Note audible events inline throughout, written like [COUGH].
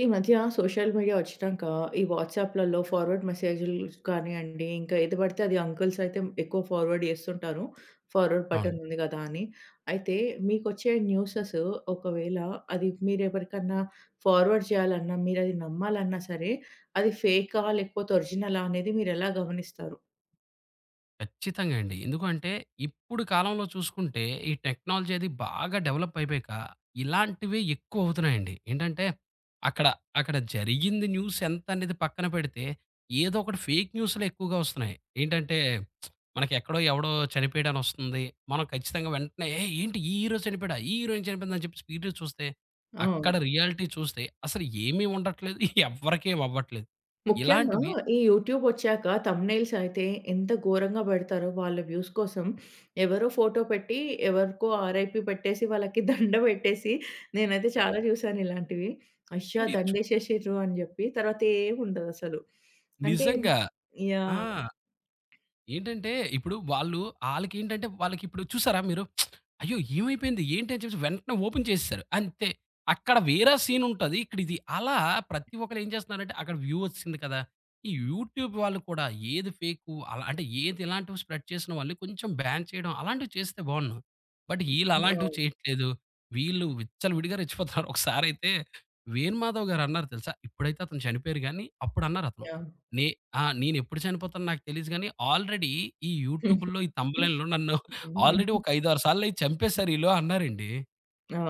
ఈ మధ్య social media ఒచ్చినాక, ఈ వాట్సాప్‌లలో ఫార్వర్డ్ మెసేజులు కానియండి, ఇంకా ఏది బడితే అది అంకుల్స్ అయితే ఎక్కువ ఫార్వర్డ్ చేస్తుంటారు. ఫార్వర్డ్ అవును. బటన్ ఉంది కదా అని అయితే మీకొచ్చే న్యూసెసు ఒకవేళ అది మీరు ఎవరికన్నా ఫార్వర్డ్ చేయాలన్నా, మీరు అది నమ్మాలన్నా సరే, అది ఫేకా లేకపోతే ఒరిజినలా అనేది మీరు ఎలా గమనిస్తారు? ఖచ్చితంగా అండి. ఎందుకంటే, ఇప్పుడు కాలంలో చూసుకుంటే, ఈ టెక్నాలజీ అది బాగా డెవలపయిపయక, ఇలాంటివి ఎక్కువ అవుతున్నాయండి. ఏంటంటే, అక్కడ అక్కడ జరిగింది న్యూస్ ఎంతనేది పక్కన పెడితే, ఏదోకటి ఫేక్ న్యూసులు ఎక్కువగా ఒస్తున్నాయి. ఏంటంటే, [SMACKS LIPS] మనకి ఎక్కడో ఎవడో చనిపోయాడనొస్తుంది. మనం ఖచ్చితంగా వెంటనే ఏ ఏంటి ఈ హీరో చనిపోయాడా, ఈ హీరోయిన్ చనిపోయిందని చెప్పి స్పీడ్‌గా చూస్తే అక్కడ అవును. రియాలిటీ చూస్తే అసలు ఏమి ఉండట్లేదు [CHUCKLES] ఎవ్వరికి ఏం అవ్వట్లేదు. ముఖ్యంగా ఇలాంటివి ఈ యూట్యూబొచ్చాక థంబ్‌నెయిల్స్ అయితే, ఎంత ఘోరంగా బెడతారో వాళ్ళ వ్యూస్ కోసం [SNIFFS] ఎవరో ఫోటో పెట్టి, ఎవరికో ఆర్ఐపి పెట్టేసి వాళ్ళకి [CHUCKLES] దండ ఎట్టేసి నేనైతే చాలా చూసాను ఇలాంటివి. అయ్యా! తిండిచ్చు దండ ఎసేసిండ్రు అని జెప్పి, తరువాత ఏమి ఉండదసలు. [SNIFFS] అంటే నిజంగా. ఆ! యాహ్! ఏంటంటే, ఇప్పుడు వాళ్ళు అళ్ళకేంటంటే వాళ్ళకి ఇప్పుడు చూసారా మీరు? [SMACKS LIPS] అయ్యో! ఏమైపోయింది, ఏంటి అని చెప్పేసి వెంటనే ఓపెన్ చేసేసారు అంతే అక్కడ వేర సీన్ ఉంటది ఇక్కడ ఇది అలా ప్రతి ఒక్కరు ఏం చేస్తున్నారంటే, అక్కడ వ్యూ ఒచ్చిసింది కదా! ఈ యూట్యూబ్ వాళ్ళు కూడా ఏది ఫేకు అలా అంటే ఏది ఇలాంటివి స్ప్రెడ్ చేసిన వాళ్ళని కొంచెం బ్యాన్ చేయడం అలాంటివి చేస్తే బావుండ్ను. బట్ వీళ్ళు అలాంటివి అవును. చేయట్లేదు. వీళ్ళు విచ్చలవిడిగా [CHUCKLES] రెచ్చిపోతారు ఒకసారయితే వేణుమాధవ్ గారు అన్నారు తెలుసా ఇప్పుడైతే అతను చనిపోయారు గాని, అప్పుడు అన్నారు అతను. యాహ్! నే ఆ! నేను ఎప్పుడు చనిపోతానో నాకు తెలియదు గానీ ఆల్రెడీ ఈ హుహు. యూట్యూబ్‌లో ఈ థంబ్‌నెయిల్‌ల్లో [CHUCKLES] నన్ను [CHUCKLES] ఆల్రెడీ హ్మ్. ఒక ఐదారు సార్లయి చంపేసారు వీళ్ళు అన్నారండి.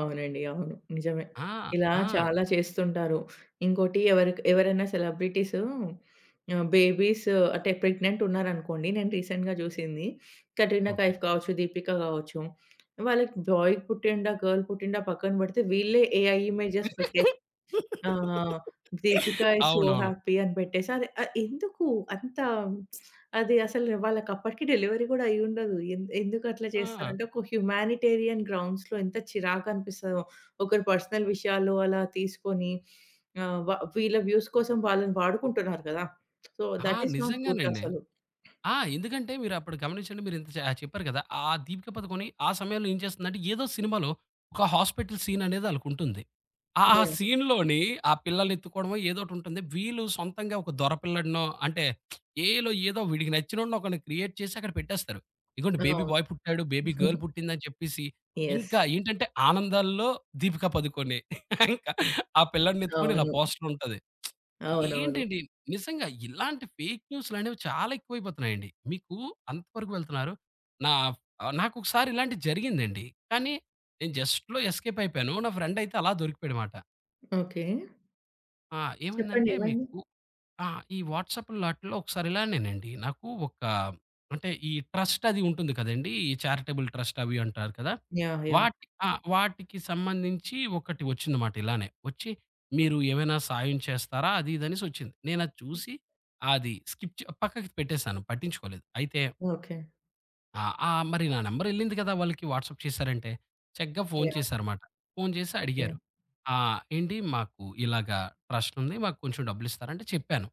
అవునండి. అవును. నిజమే. ఆ! ఇలా ఆ! చాలా చేస్తుంటారు. ఇంకోటి ఎవరికి ఎవరైనా సెలబ్రిటీస్ ఆహ్, బేబీస్ అంటే ప్రెగ్నెంట్ ఉన్నారనుకోండి. నేను రీసెంట్‌గా జూసింది. Katrina okay. కైఫ్ కావచ్చు, దీపిక గావచ్చు వాళ్ళకి బాయ్ పుట్టిండా గాల్ పుట్టిండా పక్కన పెడితే. వీళ్ళే ఏఐ ఇమేజెస్ పెట్టేసి [LAUGHS] ఆహ్, దీపిక ఈస్ సో అవునవును. హ్యాపీ అని పెట్టేసి అది ఆహ్, ఎందుకు? అంత అది అసలు వాళ్ళకి అప్పటికి డెలివరీ గూడా అయ్యుండదు. ఎం ఎందుకు అట్లా చేస్తారు ఆ! అంటే ఒక హ్యుమానిటేరియన్ గ్రౌండ్స్‌లో ఎంత చిరాకనిపిస్తదో ఒకరి పర్సనల్ విషయాలు అలా తీసుకొని. ఆహ్ వ వీళ్ళ వ్యూస్ కోసం వాళ్ళని వాడుకుంటున్నారు గదా! సో ఆ! థట్ ఈస్ నాట్ గుడ్ నిజంగానండి. అసలు. ఆ! ఎందుకంటే మీరు అప్పుడు గమనించండి మీరు జ చెప్పారు కదా. ఆ దీపిక పదుకొని ఆహ్, సమయంలో ఏం చేస్తుందంటే ఏదో సినిమాలో ఒక హాస్పిటలు సీననేది ఆళ్ళకుంటుంది. ఆ యాహ్! సీన్‌లోని ఆ పిల్లలెత్తుకోవడమో ఏదోకటుంటుంది. వీళ్ళు సొంతంగా ఒక దొర పిల్లాడినో అంటే [SMACKS LIPS] ఏఐలో ఏదో ఒక వీడికి నచ్చినోడినో ఒకరిని క్రియేట్ చేసి అక్కడ పెట్టేస్తారు. ఇదిగోండి అవును. బేబీ బాయ్ పుట్టాడు బేబీ గల్ [GIGGLES] పుట్టింది అని చెప్పేసి యెస్. ఇంకా ఏంటంటే ఆనందాల్లో దీపికా పదుకొనె. [CHUCKLES] ఇంక ఆ పిల్లాడిని ఎత్తుకొని ఇలా అవును. పోస్ట్‌ర్ ఉంటది. [SMACKS LIPS] అవునవును. ఏంటండి నిజంగా ఇలాంటి ఫేక్ న్యూసులనేవి చాలా ఎక్కువైపోతున్నాయండి. మీకు అంత వరకు వెళ్తున్నారు నా ఫ్ ఆహ్, నాకొకసారి ఇలాంటిది జరిగిందండి. కానీ నేను జస్ట్‌లో ఎస్‌కేప్ అయిపోయాను. నా ఫ్రెండ్ అయితే అలా దొరికిపోయాడుమాట. ఓకే. ఆ! చెప్పండి ఏమైందంటే ఏమైంది? మీకు ఆహ్, ఈ వాట్సాప్‌ల్లో ఆటిల్లో ఒకసారిలానేనండి. నాకు ఒక అంటే ఈ ట్రస్ట్ అది ఉంటుంది కదండీ. ఈ చారిటబుల్ ట్రస్ట్ అవి అంటారు కదా! యాహ్! యాహ్! వాట ఆ! వాటికి సంబంధించి ఒకటి ఒచ్చింది మాట ఇలానే. ఒచ్చి మీరు ఏమైనా సాయం చేస్తారా? అదీదనేసొచ్చింది. నేను అది హ్మ్. చూసి అది స్కిప్ చె పక్కకి పెట్టేసాను పట్టించుకోలేదు. అయితే ఓకే. ఆ! ఆహ్, మరి నా నంబర్ ఎళ్ళింది గదా! వాళ్ళకి వాట్సాప్ చేశారంటే. చక్కగా ఫోను యాహ్! చేశారు మాట. ఫోను చేసి ఓకే. అడిగారు. ఆహ్, "ఏండి మాకు ఇలాగా ట్రస్టుంది మాకు కొంచెం డబ్బులిస్తారా?" అంటే చెప్పాను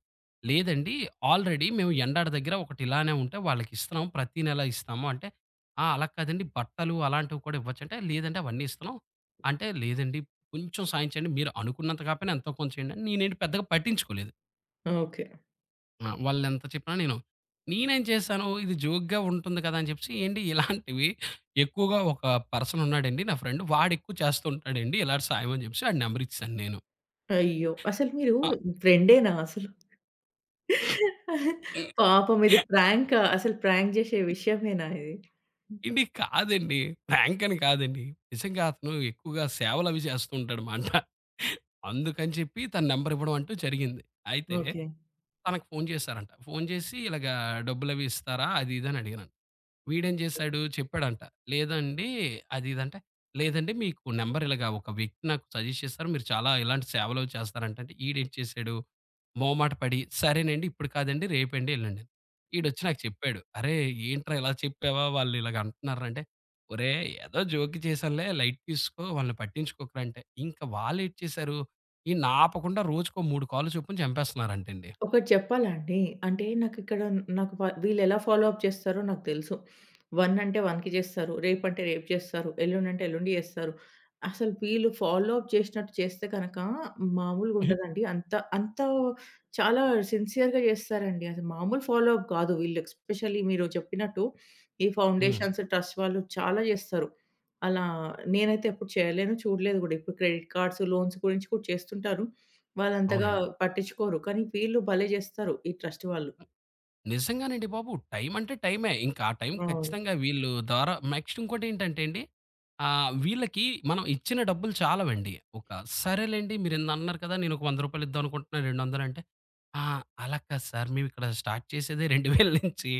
లేదండి. ఆల్రెడీ మేము ఎండాడ దగ్గర ఒకటి ఇలానే ఉంటే వాళ్లకి ఇస్తున్నాం ప్రతి నెల ఇస్తాము అంటే, "ఆ! అలా కాదండి బట్టలు అలాంటివి కూడా ఇవ్వచ్చు" అంటే లేదండి అవన్నీ ఇస్తున్నాం అంటే, "లేదండి కొంచెం సాయం చేయండి మీరు అనుకున్నంత కాకపోయినా ఎంతో కొంత చేయండి." నేనేంటి పెద్దగా పట్టించుకోలేదు. ఓకే. ఆ! వాళ్ళు ఎంత చెప్పినా నేను నేనేం చేశాను ఇది జోక్‌గా ఉంటుంది కదా! అని చెప్పేసి ఏండి ఇలాంటివి ఎక్కువగా ఒక పర్సన్ ఉన్నాడండి నా ఫ్రెండ్ వాడు ఎక్కువ చేస్తూ ఉంటాడండి ఇలాంటి సాయం అని చెప్పేసి వాడి నంబరిచ్చేసాను నేను. అయ్యో! అసలు మీరు అ ఫ్రెండేనా అసలు? [CHUCKLES] హ్మ్. పాపం ఇది ప్రాంకా? అసలు ప్రాంక్ జేసే విషయమేనా ఇది? హ్మ్. ఎండి కాదండి. ప్రాంకని కాదండి. నిజంగా అతను ఎక్కువగా సేవలు అవి జేస్తుంటాడు మాట. అందుకని చెప్పి తన నంబరివ్వడం అంటూ జరిగింది. అయితే ఓకే. తనకు ఫోను చేసారంట ఫోను చేసి ఇలాగ డబ్బులవి ఇస్తారా? అది ఇది అని అడిగారంట. వీడేం ఓకే. జేసాడు చెప్పాడంట లేదండి అది ఇది అంటే. లేదండి మీకు నంబరిలగా ఒక వ్యక్తి నాకు సజెస్ట్ చేస్తారు. మీరు చాలా ఇలాంటి సేవలు చేస్తారంట, అంటే ఈడేటి చేసాడు మొహమాట పడి సరేనండి ఇప్పుడు కాదండి రేపండి వెళ్ళండి. హ్మ్. ఈడొచ్చి నాకు చెప్పాడు. "అరేయ్ ఏంట్రా ఇలా చెప్పావా వాళ్ళు ఇలాగ అంటున్నారు రా" అంటే, ఒరేయ్ ఏదో జోక్‌గా చేశానులే లైట్ తీసుకో వాళ్ళని పట్టించుకోకురా అంటే. ఇంకా వాళ్ళేటి చేసారు. ఈడి‌ని ఆపకుండా రోజుకో 3 కాల్లు చొప్పున చంపేస్తున్నారంటండి. ఒకటి చెప్పాలండి. అంటే నాకిక్కడ నాకు వీళ్ళెలా ఫాలో అప్ చేస్తారో నాకు తెలుసు. 1 అంటే 1 చేస్తారు. రేపు అంటే రేపు చేస్తారు ఎల్లుండి అంటే ఎల్లుండి చేస్తారు. అసలు వీళ్ళు ఫాలో అప్ చేసినట్టు చేస్తే గనక మామూలుగా [GIGGLES] ఉండదండి. అంత అంత చాలా సిన్సెయర్‌గా చేస్తారండి. అది మామూలు ఫాలో అప్ గాదు. వీళ్ళు ఎస్పెషల్లీ మీరు చెప్పినట్టు ఈ హ్మ్. ఫౌండేషన్స్, ట్రస్ట్ వాళ్ళు చాలా జేస్తారు. అలా నేనైతే ఎప్పుడు చేయలేను చూడలేదు కూడా ఇప్పుడు క్రెడిట్ కార్డ్స్, లోన్స్ గురించి కూడా చేస్తుంటారు. వాళ్ళు అంతగా అవునండి. పట్టించుకోరు కానీ వీళ్ళు భలే జేస్తారు ఈ ట్రస్ట్ వాళ్ళు. ఆహ్, నిజంగానండి బాబు. టైం అంటే టైమే ఇంకా ఆ టైం అవును. ఖచ్చితంగా వీళ్ళు ద్వారా నెక్స్ట్ ఇంకోటి ఏంటంటే అండి. ఆహ్, వీళ్ళకి మనం ఇచ్చిన డబ్బులు చాలవండి. ఒక సరేలెండి మీరు ఇన్నినన్నారు కదా! నేను ఒక రూ. 100 ఇద్దాం అనుకుంటున్నాను రెండొందలంటే. ఆ! అలా కాదు సారు మేమిక్కడ స్టార్ట్ చేసేదే 2000 నుంచి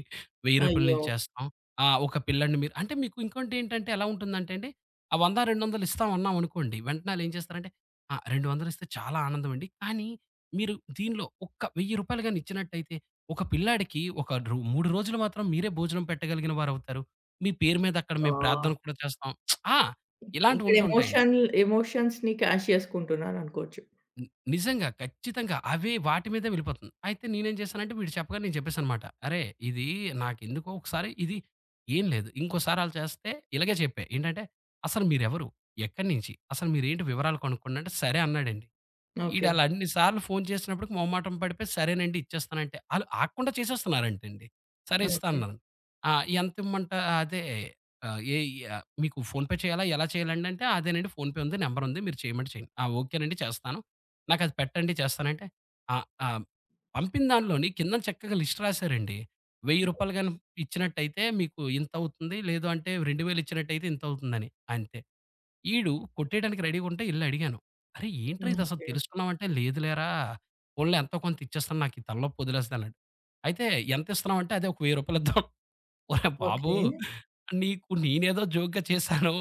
రూ. 1000 రూపాయల అయ్యో! నుంచి చేస్తాం. ఆ ఒక పిల్లాడిని మీరు అంటే మీకు ఇంకోటి ఏంటంటే ఎలా ఉంటుందంటే అండి ఆ 100, 200 ఇస్తాం అన్నాం అనుకోండి వెంటనే వాళ్ళేం చేస్తారంటే, "ఆహ్, 200 ఇస్తే చాలా ఆనందం అండి. కానీ మీరు దీనిలో ఒక రూ. 1000 గాని ఇచ్చినట్టయితే ఒక పిల్లాడికి ఒక రు 3 రోజులు మాత్రం మీరే భోజనం పెట్టగలిగిన వారవుతారు. మీ పేరు మీద అక్కడ మేము ఆ! ప్రార్థన కూడా చేస్తాం." [SMACKS LIPS] ఆ! హ్మ్. ఇలాంటివి ఇక్కడ ఉంటుంటాయండి. ఎమోషన్ ఎమోషన్స్‌ని క్యాష్ చేసుకుంటున్నారనుకోవచ్చు. హ్మ్. నిజంగా ఖచ్చితంగా అవి వాటి మీదే వెళ్ళిపోతుంది. అయితే నేనేం చేశానంటే వీడు చెప్పగానే నేను చెప్పేసాను మాట. అరే ఇది నాకెందుకో ఒకసారి ఇది ఏం లేదు ఇంకోసారి అల చేస్తే ఇలాగే చెపై. ఏంటంటే అసలు మీరెవరు? ఎక్కడినించి? అసలు మీరు ఏంటి? వివరాలు కొనుక్కండి అంటే సరే అన్నాడండి. వీడు ఓకే. అలా అన్ని సార్లు ఫోను చేసినప్పటికి మొహమాటం పడిపోయి సరేనండి ఇచ్చేస్తాను అంటే ఆళ్ళు ఆగకుండా చేసేస్తున్నారంట అండి. సరే ఇస్తా ఓకే. అన్నారు. ఆ ఎంత ఇమ్మంటా అదే ఆహ్, ఏ ఈ మీకు ఫోన్‌పే చేయాలా ఎలా చేయాలండి అంటే. అదేనండి ఫోన్‌పే ఉంది నంబర్ ఉంది మీరు చేయమంటే చేయండి. ఆ ఓకే నండి చేస్తాను. నాకది పెట్టండి చేస్తాను అంటే ఆహ్, ఆహ్, పంపినదాంట్లోని కింద చక్కగా లిస్ట్ రాసారండి రూ. 1000 ఓకె. గనం ఇచ్చినట్టయితే మీకు ఇంతవుతుంది లేదు, అంటే 2000 ఇచ్చినట్టయితే ఇంతవుతుందని. అంతే వీడు కొట్టేయడానికి రెడీగా ఉంటే వెళ్లి అడిగాను. అరేయ్ ఏంట్రా హ్మ్. ఇది అసలు ఓకే. తెలుసుకున్నావ అంటే, "లేదులేరా పోనీలే ఎంతో కొంత ఇచ్చేస్తున్నాను నాకు ఈ తలనొప్పి ఒదిలేస్తది" అన్నాడు. అయితే ఎంత ఇస్తున్నావు అంటే ఒక రూ. 1000 ఇద్దాం. ఒరే బాబు ఓకే. నీకు నేనేదో జోక్‌గా చేశాను.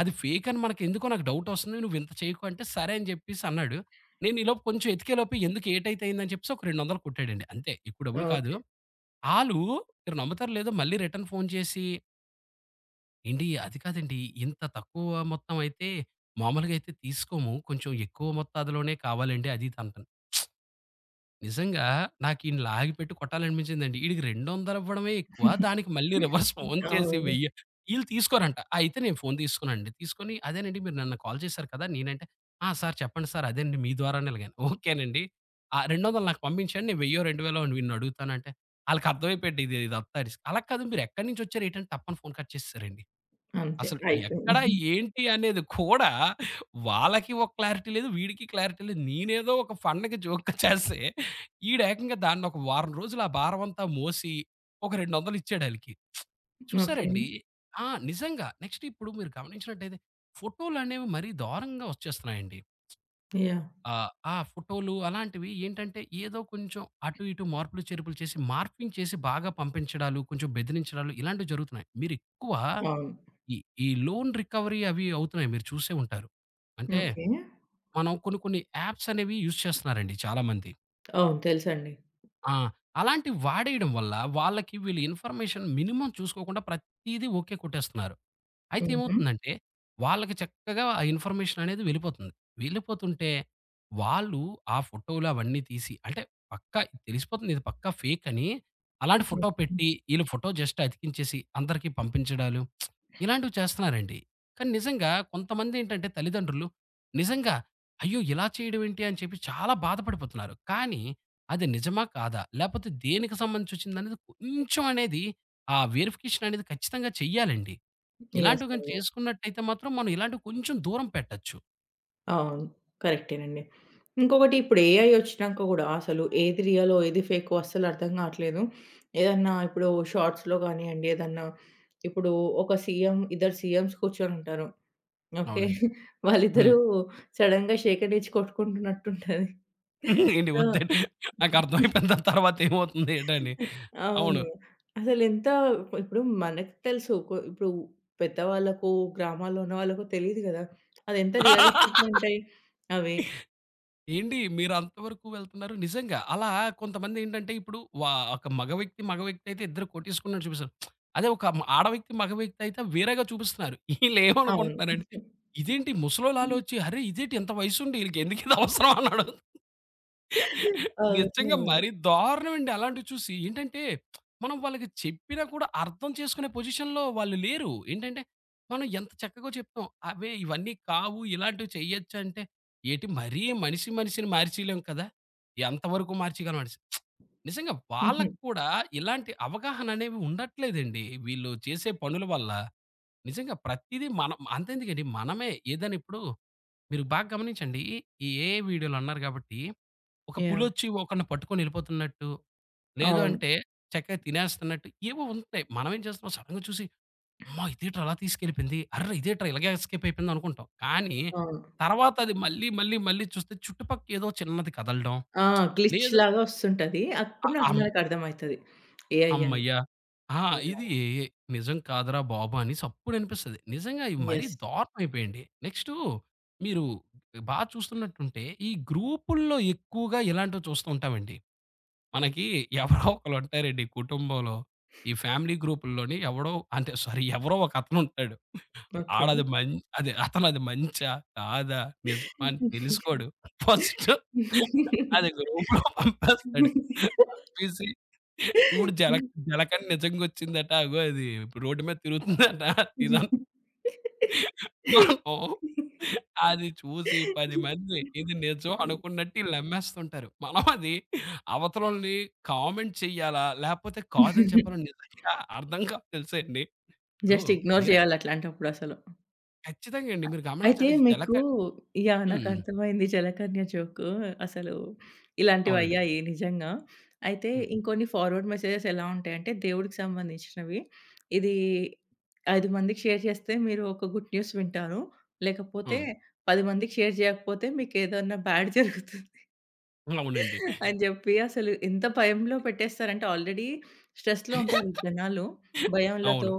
అది ఫేకని మనకు ఎందుకో నాకు డవుట్ ఒస్తుంది నువ్వింత చేయకు అంటే, "సరే" అని చెప్పేసి అన్నాడు. నేను ఈలోపు కొంచెం వెతికే లోపు ఎందుకు ఏటైతే అయింది అని చెప్పేసి ఒక 200 కొట్టాడండి అంతే ఎక్కువ డబ్బులు కాదు. ఓకే. ఆలు మీరు నమ్ముతారో లేదో మళ్ళీ రిటన్ ఫోను చేసి ఏండీ, అది కాదండి. ఇంత తక్కువ మొత్తమయితే మామూలుగయితే తీసుకోము. కొంచం ఎక్కువ మోత్తాదులోనే కావాలండి అది తంటా. [SMACKS LIPS] నిజంగా నాకీడిన్ని లాగిపెట్టి కొట్టాలనిపిచిందండి. ఈడికి రెండొందలివ్వడమే ఎక్కువ. [GIGGLES] దానికి మళ్ళీ [CHUCKLES] రివర్స్ ఫోన్ చేసి అవును. వెయ్యా ఈళ్ళు తీసుకోరంట. అయితే నేను ఫోను తీసుకున్నానండి. తీసుకొని అదేనండి మీరు నిన్న కాల్ చేసారు కదా! నేనంటే ఆ! సార్ చెప్పండి సర్. అదండి మీ ద్వారా ఎలగాన్ [GIGGLES] ఓకేనండి. ఆ 200 నాకు పంపిచండి. నేను వెయ్యో రెండు వేలో వీడిని అడుగుతానంటే ఆళ్ళకర్థమైపోయిండి ఇదంత రిస్క్ అలా కాదు మీరెక్కడినుంచొచ్చారేంటంటే తప్పని ఫోను కట్ చేసేసారండి. అంతే. అసలు అయిపోయింది. ఎక్కడ? [CHUCKLES] ఏంటి? అనేది కూడా [CHUCKLES] వాళ్ళకి ఒక క్లారిటీ లేదు. వీడికి క్లారిటీ లేదు. నేనేదో ఒక ఫన్‌‌కి జోక్‌గా [CHUCKLES] చేస్తే ఈడేకంగా దాన్నొక వారం రోజులు ఆ భారమంతా మోసి ఒక రెండొందలిచ్చాడాళ్ళకి. ఓకే. [SMACKS LIPS] చూసారండి? ఆ! నిజంగా నెక్స్టిప్పుడు మీరు గమనించినట్టైతే ఫోటోలనేవి మరీ దారంగా వచ్చేస్తున్నాయండి. యాహ్! ఆ! ఆ ఫోటోలు అలాంటివి ఏంటంటే ఏదో కొంచం అటు ఇటు మార్పులు, చేర్పులు చేసి మార్ఫింగ్ చేసి బాగా పంపించడాలు కొంచం బెదిరించడాలు, ఇలాంటివి జరుగుతున్నాయి. మీరెక్కువ అవును. ఈ ఈ లోన్ రికవరీ అవి అవుతున్నాయి. మీరు చూసే ఉంటారు. అంటే ఓకే. మనం కొన్ని కొన్ని యాప్స్ అనేవి యూజ్ చేస్తన్నారండి చాలా మంది. అవును. తెలుసండి. ఆ! అలాంటి వాడేయడం వల్ల వాళ్లకి వీళ్ళు ఇన్‌ఫర్మేషన్ మినిమం చూసుకోకుండా ప్రత్తీదీ ఓకే కొట్టేస్తున్నారు. అయితే హుహు. ఏమవుతుందంటే వాళ్లకి చక్కగా ఆ ఇన్‌ఫర్మేషన్ అనేది వెళ్ళిపోతుంది. వెళ్ళిపోతుంటే వాళ్ళు ఆ ఫోటోలవన్నీ తీసి అంటే పక్కా తెలిసిపోతుంది ఇది పక్కా ఫేకని. అలాంటి ఫోటో ఓకే. పెట్టి ఈళ్ళు ఫోటో జస్ట్ అతికించేసి అందరికి పంపించడాలు [SMACKS LIPS] ఇలాంటివి చేస్తన్నారండి. కానీ నిజంగా కొంతమందేంటంటే తల్లిదండ్రులు నిజంగా అయ్యో! ఇలా చేయడమేంటి అని చెప్పి చాలా బాధపడిపోతున్నారు. కానీ అది నిజమా? కాదా? లేపోతే దేనికి సంబంధించొచ్చిందనేది కొంచెం అనేది ఆ వెరిఫికేషననేది ఖచ్చితంగా చెయ్యాలండి. యెస్! ఇలాంటివి గానీ అండి. చేసుకున్నట్టయితే మాత్రం మనం ఇలాంటివి కొంచెం దూరం పెట్టచ్చు. అవును. కరెక్టేనండి. ఇంకొకటిప్పుడు ఏఐ ఒచ్చినాక గూడా అసలేది రియలో ఏది ఫేకో అస్సలర్థం గావట్లేదు. ఏదన్నా ఇప్పుడు షార్ట్స్‌లో గానియ్యండి. ఏదన్నా ఇప్పుడూ ఒక సీఎం ఇద్దరు సీఎంస్ కూర్చొనుంటారు. ఓకే. అవునండి. [GIGGLES] వాళ్ళిద్దరూ హ్మ్. సడెన్‌గా షేక్యాండిచ్చి కొట్టుకుంటున్నట్టుంటది. ఏంటి సో ఒద్దని [GIGGLES] నాకర్థమైపోయింది. దాని తర్వాత ఏమవుతుందేటని అ అవును. అవును. అసలెంత పు ఇప్పుడు మనకు తెలుసు. కొ ఇప్పుడు పెద్దవాళ్లకు గ్రామాల్లో ఉన్న వాళ్ళకు తెలీదు గదా! అదెంత రియలిస్టిక్‌ [LAUGHS] గుంటాయి అవి. ఏండి మీరంతవరకు వెళ్తున్నారు. నిజంగా అలా కొంతమందేంటంటే ఇప్పుడు వా ఒక మగ వ్యక్తి మగ వ్యక్తయితే ఇద్దరు కొట్టేసుకున్నట్టు చూపిస్తారు. [SMACKS LIPS] అదే ఒక మ ఆడ వ్యక్తి మగ వ్యక్తయితే వేరేగా చూపిస్తున్నారు. [CHUCKLES] అవును. ఈళ్ళేమనుకుంటున్నారంటే [GIGGLES] ఇదేంటి హ్మ్. ముసలోళ్ళాలోచి అరే! ఇదేంటి ఇంత వయసుండి [LAUGHS] ఈళ్ళకెందుకిది అవసరమా అన్నాడు. అవును. నిజంగా అవును. మరీ దారుణమండి. అలాంటివి చూసి ఏంటంటే [SMACKS LIPS] మనం వాళ్ళకి చెప్పినా కూడా అర్థం చేసుకునే పొజిషన్‌లో వాళ్ళు లేరు. ఏంటంటే మనం ఎంత చక్కగో చెప్పాం. అవే ఇవన్నీ కావు ఇలాంటివి చేయచ్చంటే ఏంటి మరీ మనిషి మనిషిని మార్చేయలేము కదా! ఎంత వరుకు మార్చేయగలమని [SMACKS LIPS] నిజంగా హుహు. వాళ్ళక్కూడా ఇలాంటి అవగాహననేవి ఉండట్లేదండి వీళ్ళు చేసే పనుల వల్ల. నిజంగా ప్రత్తీది మన అంతెందుకండి మనమే ఏదైనిప్పుడు మీరు బాగా గమనించండి. ఈ ఏఐ వీడియోలన్నారు గాబట్టి ఒక యాహ్! పులొచ్చి ఒకడిని పట్టుకొనెళ్ళిపోతున్నట్టు లేదు అవును. అంటే చక్కగా తినేస్తున్నట్టు ఏవో ఉంటాయి. మనమేం చేస్తాం సడెన్‌గా చూసి అమ్మ! ఇదేంట్రా అలా తీసుకెళ్ళిపోయింది. అర్రే! ఇదేంట్రా ఇలాగేస్కేపయిపోయిందనుకుంటాం. కానీ అవును. తర్వాత అది మళ్ళీ మళ్ళీ మళ్ళీ చూస్తే చుట్టుపక్కేదో చిన్నది కదలడం. ఆ! [SMACKS LIPS] గ్లిచ్‌ లేదు లాగా ఒస్తుంటది. అప్పుడు ఆహ్, నాక్ అం నాకర్థమైతది ఏఐ అని. అమ్మయ్య! ఆ! మీరలా ఇదీ నిజం కాదురా బాబనేసప్పుడనిపిస్తది. నిజంగా ఇవి మరీ యెస్! దారుణమయిపోయిండి. నెక్స్ట్ మీరు బా చూస్తున్నట్టుంటే ఈ గ్రూపు‌ల్లో ఎక్కువగా ఇలాంటివి చూస్తు ఉంటామండి. మనకీ [CHUCKLES] ఎవరో ఒకలుంటారండి కుటుంబంలో. ఈ ఫ్యామిలీ గ్రూపుల్లోని ఎవడో అంటే స్వారీ ఎవరో ఒకతనుంటాడు. ఓకే. ఆడది మన్ అదతనది మంచా కాదా? నిజమా అని తెలుసుకోడు. ఫస్ట్ అది గ్రూప్‌లొ పంపేస్తాడు. పంపేసి చూడు జలక్ [LAUGHS] జలకని నిజంగొచ్చిందట అగో అది ఇప్పుడు రోడ్ మీద తిరుగుతుందంట ఇదం మనము [LAUGHS] అది చూసి 10మంది ఇది నిజం [LAUGHS] అనుకున్నట్టీళ్ళమ్మేస్తుంటారు. [CHUCKLES] మనం అది అవతలోళ్ళని కామెంట్ చెయ్యాలా లేపోతే కాదని చెప్పలా [GIGGLES] నిజంగా అర్థం కాదు తెలుసాండి. ఇప్పుడు జస్ట్ ఇగ్నోర్ మీరే జేయాలట్లాంటప్పుడసలు. ఖచ్చితంగా అండి. మీరు అయితే గమనించండి. మీకూ జలకన్ యాహ్! హ్మ్. నాకర్థమైంది. జలకన్య జోక్ అసలు అవునండి. ఇలాంటివయ్యాయి నిజంగా. అయితే హ్మ్. ఇంకొన్ని ఫార్వర్డ్ మెసేజెస్ ఎలా ఉంటాయంటే దేవుడికి సంబంధించినవి. ఇదీ 5 మందికి షేర్ చేస్తే మీరొక గుడ్ న్యూస్ వింటారు. లేకపోతే అవును. 10 మందికి షేర్ జేయకపోతే మీకేదైనా బ్యాడ్ జరుగుతుంది. లవునండి. అని జెప్పి అసలు ఎంత భయంలో పెట్టేస్తారంటే ఆల్రెడీ స్ట్రెస్‌లో ఉంటారు ఈ జనాలు. [GIGGLES] భయంలతో అవును.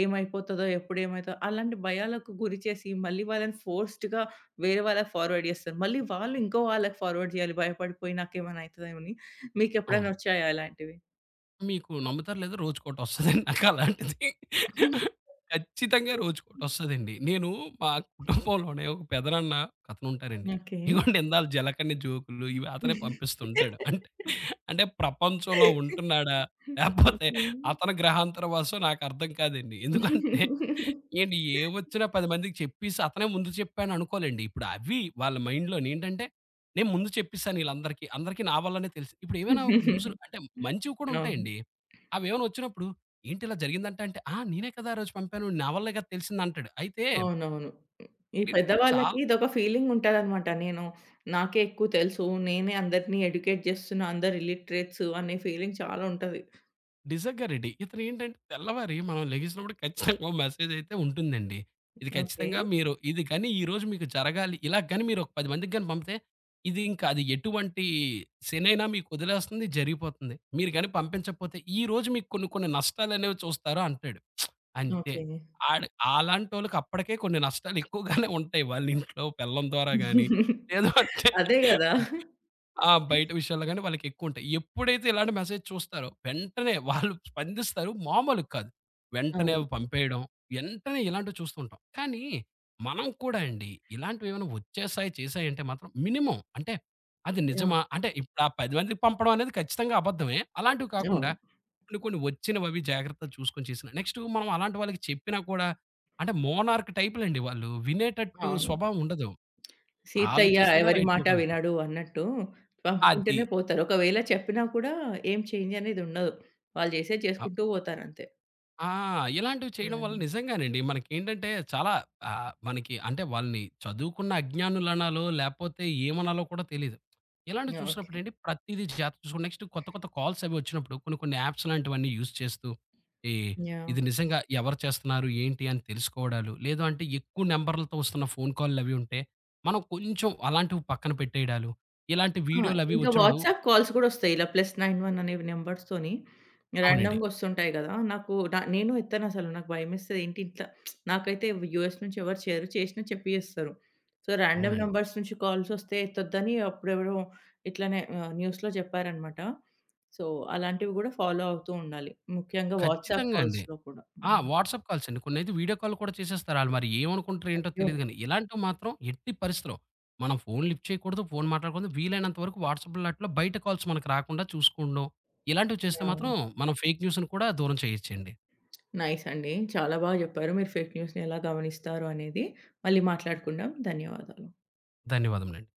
ఏమైపోతదో ఎప్పుడేమైతదో అలాంటి భయాలకు గురి చేసి మళ్ళీ వాళ్ళని ఫోర్‌స్డ్‌గా వేరే వాళ్ళకి ఫార్వర్డ్ జేస్తారు. మళ్ళీ వాళ్ళింకో వాళ్ళకి ఫార్వర్డ్ జేయాలి భయపడిపోయి నాకేమైనయితదేమో అని. మీకెప్పుడైనా అవును. ఒచ్చాయా అలాంటివి? మీకు నమ్ముతారో లేదో రోజుకొకటోస్తదండి నాకలాంటిది. ఖచ్చితంగా రోజుకొకటోస్తదండి. నేను, మా [GIGGLES] [CHUCKLES] కుటుంబంలోనే ఒక పెదనాన్న ఒకతనుంటారండి. ఓకే. [CHUCKLES] ఇదిగోండి ఇందాక జలకన్యా జోక్లు ఇవి అతనే పంపిస్తూ ఉంటాడు. అంట్ [GIGGLES] అంటే ప్రపంచంలో ఉంటున్నాడా [CHUCKLES] లేకపోతే ఓకే. అతని గ్రహాంతర వాసో నాకర్థం కాదండి. ఎందుకంటే, [GIGGLES] ఏండి ఏవోచ్చినా 10 మందికి చెప్పేసి అతనే ముందు చెప్పాను అనుకోలెండి ఇప్పుడు అవి వాళ్ళ మైండ్‌లోనేంటంటే, నేను ముందు చెప్పేసానిళ్ళందరికీ అందరికి నా వల్లనే తెలుసు. ఇప్పుడు ఏమైనా ఒక న్యూసులో [GIGGLES] అంటే మంచివి కూడా అవును. ఉంటాయండి. అవేవైనా వచ్చినప్పుడు, ఏంటి ఇలా జరిగిందంట అంటే "ఆ! నేనే కదా ఆరోజు పంపాను నా అవ్వలే కదా తెలిసింది కదా" అంటాడు. అయితే అవునవును. ఈ మీకు పెద్దవాళ్ళకి చాలా ఇదొక ఫీలింగుంటదన్నమాట. నేను నాకే ఎక్కువ తెలుసు, నేనే అందరిని ఎడ్యుకేట్ జేస్తున్న అందరు ఇల్లిటరేట్స్ అనే ఫీలింగ్ చాలా ఉంటది. నిజంగానండి. ఇతనేంటంటే, తెల్లవారి మనం లెగిసినప్పుడు [CHUCKLES] ఖచ్చితంగా ఒక మెసేజ్ అయితే ఉంటుందండి. ఇది ఓకే. ఖచ్చితంగా మీరు ఇది కాని ఈరోజు మీకు జరగాలి ఇలా గాని మీరు ఒక 10 మందికి పంపితే, ఇది ఇంకా అది ఎటువంటి శేనైనా మీకొదిలేస్తుంది జరిగిపోతుంది. మీరు గాని పంపించకపోతే, ఈరోజు మీకు కొన్ని కొన్ని నష్టాలనేవి చూస్తారు అంటాడు. [SMACKS LIPS] అంతే. ఓకే. అడు, అలాంటోళ్ళకి అప్పటికే కొన్ని నష్టాలెక్కువగానే ఉంటాయి. వాళ్ళ ఇంట్లో పెళ్ళం ద్వారా గాని [GIGGLES] లేదు అంటే అదే గదా! [CHUCKLES] ఆ! బయట విషయాల్లో గాని, వాళ్ళకెక్కువుంటాయి. ఎప్పుడైతే ఇలాంటి మెసేజ్ చూస్తారో, వెంటనే [CHUCKLES] వాళ్ళు స్పందిస్తారు మామూలుగా కాదు. వెంటనే అవును. అవి పంపేయడం, ఏంటనే ఇలాంటివి చూస్తుంటాం. కానీ మనం కూడా అండి, ఇలాంటివేవైనా వచ్చేసాయి, చేసాయి అంటే మాత్రం, మినిమమ్ అంటే అది యాహ్! నిజమా అంటే ఇపుడా 10 మందికి పంపడం అనేది ఖచ్చితంగా అబద్ధమే. అలాంటివి కాకుండా అవును. కొన్ని కొన్ని వచ్చినవవి జాగ్రత్తలు చూసుకొని చేసిన, నెక్స్టు మనం అలాంటి వాళ్ళకి చెప్పినా కూడా అంటే మోనార్క్ టైప్‌లండి వాళ్ళు. వినేటట్టు అవును. స్వభావం ఉండదు. ఆళ్ళు సీతయ్య చేసిందే ఎవరి రైట్ మాట అనుకుంటారు. వినడు అన్నట్టు, పంపుకుంటేనే అది. పోతారు. ఒకవేళ చెప్పినా కూడా ఏం చేంజ్ అనేదుండదు. వాళ్ళు జేసేది ఆ! చేసుకుంటూ పోతారంతే. ఆ! ఇలాంటివి చేయడం వల్ల యాహ్! నిజంగానండి మనకేంటంటే, చాలా ఆహ్, మనకి అంటే వాళ్ళని చదువుకున్న అజ్ఞానులనాలో లేపోతే ఏమనాలో కూడా తెలీదు. ఇలాంటివి యాహ్! ఓకె. చూసినప్పుడండి, ప్రతీదీ జాగ్రత్త చూసుకోండి. నెక్స్ట్ కొత్త కొత్త కాల్స్ అవి వచ్చినప్పుడు, కొన్ని కొన్ని యాప్స్‌ లాంటివన్నీ యూజ్ చేస్తూ, ఈ యాహ్! ఇది నిజంగా ఎవరు చేస్తున్నారు? ఏంటి? అని తెలుసుకోవడాలు, లేదు అంటే ఎక్కువ నంబర్‌లతో వస్తున్న ఫోన్‌కాల్‌లవి ఉంటే, మనం కొంచెం అలాంటివి పక్కన పెట్టేయడాలు, ఇలాంటి ఆ! వీడియోలవి ఇంక వచ్చినప్పుడు వాట్సాప్ కాల్స్ గూడొస్తాయి. ఇలా ప్లస్ 9, 1 అనేవి నంబర్స్‌తోని, అవునండి. రాండమ్గొస్తుంటాయి గదా! నాకు న నేను ఎత్తనసలు. నాకు భయమేస్తది. ఏంటిట్లా [SMACKS LIPS] నాకైతే ఎవ్ యూఎస్ నుంచెవరు చేయరు. చేసినా చెప్పి జేస్తరు. సో, రాండమ్ అవునన్ నంబర్స్ నుంచి కాల్సొస్తే ఎత్తొద్దని, అప్పుడెవరో ఇట్లనే ఆహ్, న్యూస్‌‌‌‌లో జెప్పారన్నమాట. సో, అలాంటివి గూడా ఫాలో అవుతూ ఉండాలి. ముఖ్యంగా వాట్సాప్ ఖచ్చితంగా అండి. కాల్స్‌లో కూడా. ఆ! హ్మ్. వాట్సాప్ కాల్స్ అండి. కొన్నైతే వీడియో కాల్లు కూడా చేసేస్తారు. ఆళ్ళు మరి ఏమనుకుంటారో, ఏంటో అయ్యో! తెలీదు గాని, ఇలాంటివి మాత్రం ఎట్టి పరిస్థితిలో, మనం ఫోన్ లిఫ్ట్ చేయకూడదు. ఫోన్ మాట్లాడకూడదు. వీలైనంత వరకు వాట్సాప్‌లో ఆటిల్లో బయట కాల్స్ మనకు రాకుండా చూసుకోవడం, ఇలాంటివి యాహ్! చేస్తే మాత్రం యాహ్! మనం ఫేక్ న్యూస్‌‌ని కూడా దూరం చేయొచ్చండి. నైస్ అండి. చాలా బా జెప్పారు. మీరు ఫేక్ న్యూస్‌నెలా గమనిస్తారు అనేది. మళ్ళి మాట్లాడుకుందాం. ధన్యవాదాలు. ధన్యవాదాములండి.